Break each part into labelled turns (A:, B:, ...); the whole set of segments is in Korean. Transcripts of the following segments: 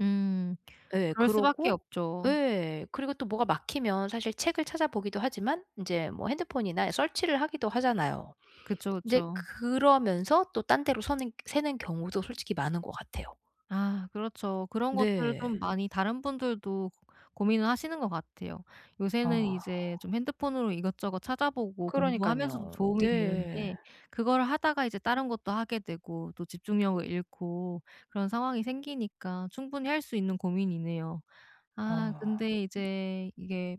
A: 음.
B: 예
A: 그럴 수밖에
B: 그러고
A: 없죠.
B: 예. 그리고 또 뭐가 막히면 사실 책을 찾아보기도 하지만 인제 뭐 핸드폰이나 search를 하기도 하잖아요.
A: 그쵸,
B: 인제
A: 그쵸.
B: 그러면서 또 딴 데로 서는 새는 경우도 솔직히 많은 것 같아요.
A: 아. 그렇죠. 그런 것들을
B: 네.
A: 좀 많이 다른 분들도 고민을 하시는 것 같아요. 요새는
B: 아.
A: 이제 좀 핸드폰으로 이것저것 찾아보고 공부하면서도
B: 그러니깐요.
A: 도움이
B: 네.
A: 되는데 그걸 하다가 이제 다른 것도 하게 되고 또 집중력을 잃고 그런 상황이 생기니까 충분히 할 수 있는 고민이네요. 아
B: 아.
A: 근데 이제 이게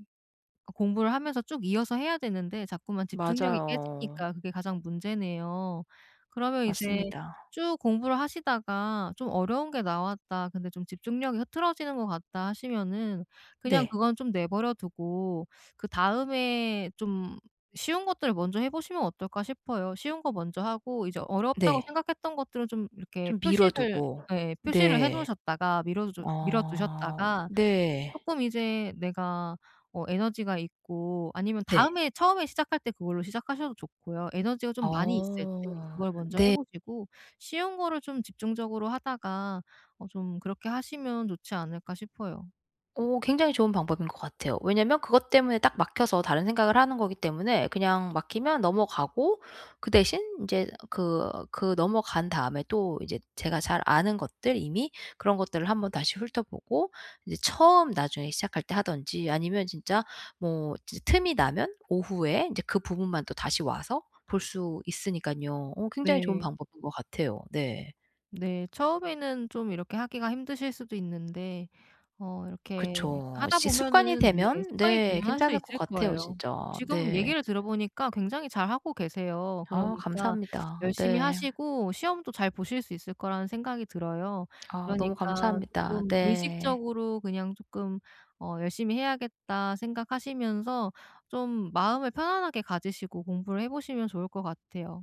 A: 그 공부를 하면서 쭉 이어서 해야 되는데 자꾸만 집중력이
B: 맞아요.
A: 깨지니까 그게 가장 문제네요. 그러면 이제
B: 맞습니다.
A: 쭉 공부를 하시다가 좀 '어려운 게 나왔다. 근데 좀 집중력이 흐트러지는 것 같다.' 하시면은 그냥
B: 네.
A: 그건 좀 내버려두고 그다음에 좀 쉬운 것들을 먼저 해 보시면 어떨까 싶어요. 쉬운 거 먼저 하고 이제 어렵다고
B: 네.
A: 생각했던 것들을 좀 이렇게
B: 좀 미뤄
A: 표시를
B: 두고.
A: 예. 표시를 해
B: 네.
A: 놓으셨다가 미뤄 주 미뤄
B: 어.
A: 두셨다가
B: 네.
A: 쪼끔 이제 내가 어 에너지가 있고 아니면
B: 네.
A: 다음에 처음에 시작할 때 그걸로 시작하셔도 좋고요. 에너지가 좀 많이 있을 때
B: 어
A: 그걸 먼저 해
B: 네.
A: 보시고 쉬운 거를 좀 집중적으로 하다가 어 좀 그렇게 하시면 좋지 않을까 싶어요.
B: 오. 굉장히 좋은 방법인 것 같아요. 왜냐하면 그것 때문에 딱 막혀서 다른 생각을 하는 거기 때문에 그냥 막히면 넘어가고 그 대신 인제 그 그 넘어간 다음에 또 이제 제가 잘 아는 것들 이미 그런 것들을 1 번 다시 훑어보고 이제 처음 나중에 시작할 때 하든지 아니면 진짜 뭐 진짜 틈이 나면 오후에 인제 그 부분만 또 다시 와서 볼 수 있으니깐요. 어 굉장히 좋은
A: 네.
B: 방법인 것 같아요. 네.
A: 네. 처음에는 좀 이렇게 하기가 힘드실 수도 있는데 어 이렇게
B: 그쵸.
A: 하다
B: 시 습관이
A: 보면은 왜
B: 되면
A: 습관이
B: 네
A: 되면 할 수
B: 괜찮을 것
A: 있을
B: 같아요,
A: 거예요.
B: 진짜.
A: 지금
B: 네.
A: 얘기를 들어 보니까 굉장히 잘 하고 계세요.
B: 아우
A: 그러니까
B: 감사합니다.
A: 열심히
B: 네.
A: 하시고 시험도 잘 보실 수 있을 거라는 생각이 들어요.
B: 아 너무
A: 그러니까
B: 감사합니다.
A: 쪼끔
B: 네.
A: 의식적으로 그냥 쪼끔 어 '열심히 해야겠다.' 생각하시면서 좀 마음을 편안하게 가지시고 공부를 해 보시면 좋을 것 같아요.